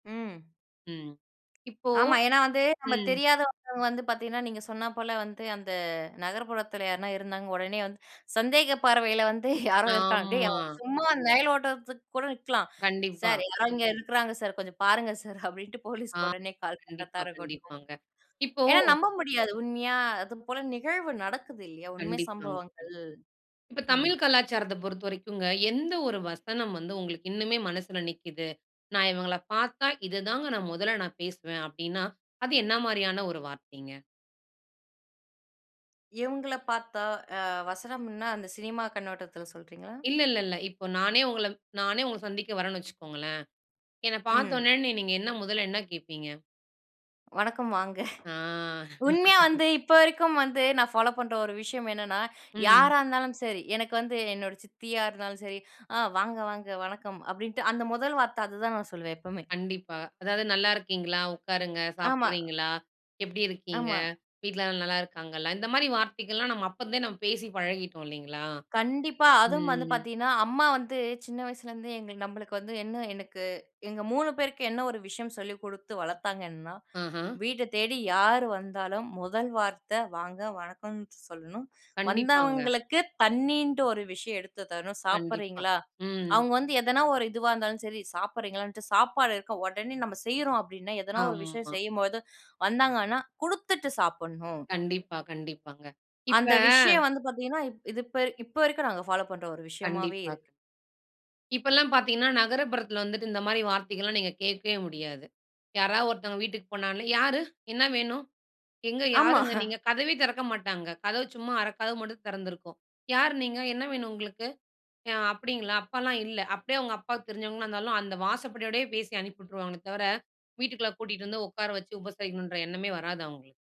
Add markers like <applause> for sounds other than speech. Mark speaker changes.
Speaker 1: ம்
Speaker 2: ம். இப்போ
Speaker 1: ஆமா. ஏன்னா வந்து, நம்ம
Speaker 2: ம்.
Speaker 1: தெரியாதவங்க வந்து பாத்தீங்கன்னா, நீங்க சொன்னா போல வந்து அந்த நகர்ப்புறத்துல யார்னா இருந்தாங்க, உடனே வந்து சந்தேக பார்வையில வந்து, <chuckles> "யாரோ இருக்காங்க டேய்!
Speaker 2: ஆம்மா.
Speaker 1: அவன்" சும்மா நயல் ஓட்டறத்துக்கு கூட நிற்கலாம்.
Speaker 2: கண்டிப்பா.
Speaker 1: "சார்! யாரோ இங்க இருக்கிறாங்க சார். கொஞ்சம் பாருங்க சார்" அப்படீன்ட்டு போலீஸுக்கு
Speaker 2: ஆமா.
Speaker 1: உடனே கால்
Speaker 2: கண்டிப்பா,
Speaker 1: பண்றத்தா இருக்கட்டும்,
Speaker 2: கண்டிப்பாங்க. இப்போ
Speaker 1: ஏன்னா நம்ப முடியாது. உண்மையா, அதுபோல நிகழ்வு நடக்குது இல்லையா? உண்மை
Speaker 2: கண்டிப்பாங்க, கண்
Speaker 1: சம்பவங்கள்.
Speaker 2: இப்ப
Speaker 1: ம்.
Speaker 2: தமிழ் கலாச்சாரத்த பொறுத்தவரைக்குங்க, எந்த 1 வசனம் வந்து உங்களுக்கு இன்னுமே மனசுல நிக்குது? "நா இவுங்கள பார்த்தா, இது தாங்க நா மொதல்ல நா பேசுவேன்." அப்படீன்னா, அது என்னா மாரியான ஒரு வார்த்தைங்க?
Speaker 1: இவுங்கள பார்த்தா அ வசனம்ன்னா, அந்த சினிமா கண்ணோட்டத்துல சொல்றீங்களா?
Speaker 2: இல்ல, இல்ல, இல்ல. இப்ப நானே உங்கள நானே உங்கள சந்திக்க வரேன்னு வச்சுக்கோங்களேன். என்ன
Speaker 1: ம்.
Speaker 2: பார்த்தோன்னே, நீ நீங்க என்ன மொதல்ல என்ன கேட்பீங்க?
Speaker 1: வணக்கம் வாங்க!
Speaker 2: ஆ.
Speaker 1: <chuckles> உண்மையா
Speaker 2: <laughs>
Speaker 1: வந்து இப்ப வரைக்கும் வந்து, நான் ஃபாலோ பண்ற ஒரு விஷயம் என்னான்னா,
Speaker 2: ம்.
Speaker 1: யாரா இருந்தாலும் சரி, எனக்கு வந்து என்னோட சித்தியா இருந்தாலும் சரி, "அ வாங்க, வாங்க. வணக்கம்." அப்படீன்ட்டு, அந்த மொதல் வார்த்தை அதுதான் நான் சொல்லுவேன் எப்பவுமே.
Speaker 2: கண்டிப்பா. அதாவது, "நல்லா இருக்கீங்களா? உக்காருங்க.
Speaker 1: ஆமா.
Speaker 2: சாப்பிடுறீங்களா? எப்படி இருக்கீங்க?
Speaker 1: ஆமா.
Speaker 2: வீட்லல்லாம் நல்லா இருக்காங்களா?" இந்த மாரி வார்த்தைகள்லாம், நம்ம அப்பருந்தே நம்ம பேசி பழகிட்டோம் இல்லைங்களா?
Speaker 1: கண்டிப்பா. அதுவும் வந்து
Speaker 2: ம்.
Speaker 1: பாத்தீங்கணா, அம்மா வந்து சின்ன வயசுலேருந்தே எங்களுக்கு நம்பளுக்கு வந்து என்ன எனக்கு, எங்க 3 பேருக்கு என்ன ஒரு விஷயம் சொல்லி குடுத்து வளத்தாங்கன்னா,
Speaker 2: ஆஹா.
Speaker 1: வீடு தேடி யாரு வந்தாலும் முதல் வார்த்தை, "வாங்க. வணக்கம்." சொல்லணும்.
Speaker 2: கண்டிப்பாங்க.
Speaker 1: வந்தவங்களுக்கு தண்ணீன்ட்டு ஒரு விஷயம் எடுத்து தரணும்.
Speaker 2: கண்டிப்பா.
Speaker 1: சாப்பிடுறீங்களா?
Speaker 2: ம்.
Speaker 1: அவுங்க வந்து எதனா ஒரு இதுவா இருந்தாலும் சரி, சாப்பிடுறீங்களான்னுட்டு, சாப்பாடு இருக்க, உடனே நம்ம செய்யுறோம் அப்படீன்னா, எதனா ஒரு விஷயம்
Speaker 2: ஆமா.
Speaker 1: செய்யும்போது வந்தாங்கன்னா, குடுத்துட்டு சாப்புட்ணும்.
Speaker 2: கண்டிப்பா, கண்டிப்பாங்க. இப்ப
Speaker 1: அந்த விஷயம் வந்து பாத்தீங்கன்னா, இப் இது இப்ப இப்ப வரைக்கும் நாங்க ஃபாலோ பண்ற ஒரு விஷயமாவே
Speaker 2: கண்டிப்பா,
Speaker 1: இருக்கு.
Speaker 2: கண் இப்பல்லாம் பாத்தீங்கன்னா, நகரப்புறத்துல வந்துட்டு இந்த மாரி வார்த்தைகள்லாம் நீங்க கேட்கவே முடியாது. யாராவது ஒருத்தவங்க வீட்டுக்கு போனாலே, "யாரு? என்ன வேணும்? எங்க
Speaker 1: ஆமா.
Speaker 2: யாருங்க நீங்க?"
Speaker 1: <chuckles>
Speaker 2: கதவே திறக்க மாட்டாங்க. கதவு சும்மா 1/2 கதவு மட்டும் தெறந்திருக்கும். "யார் நீங்க? என்ன வேணும் உங்களுக்கு? அ அப்படீங்களா? அப்பால்லாம் இல்லை" அப்படியே அவுங்க அப்பாவுக்கு தெரிஞ்சவங்களா இருந்தாலும், அந்த வாசப்படியோடையே பேசி அனுப்பி வுட்ருவாங்களே தவிர, வீட்டுக்குள்ள கூட்டிட்டு வந்து உக்கார வச்சு உபசரிக்கணுன்ற எண்ணமே வராது அவுங்களுக்கு.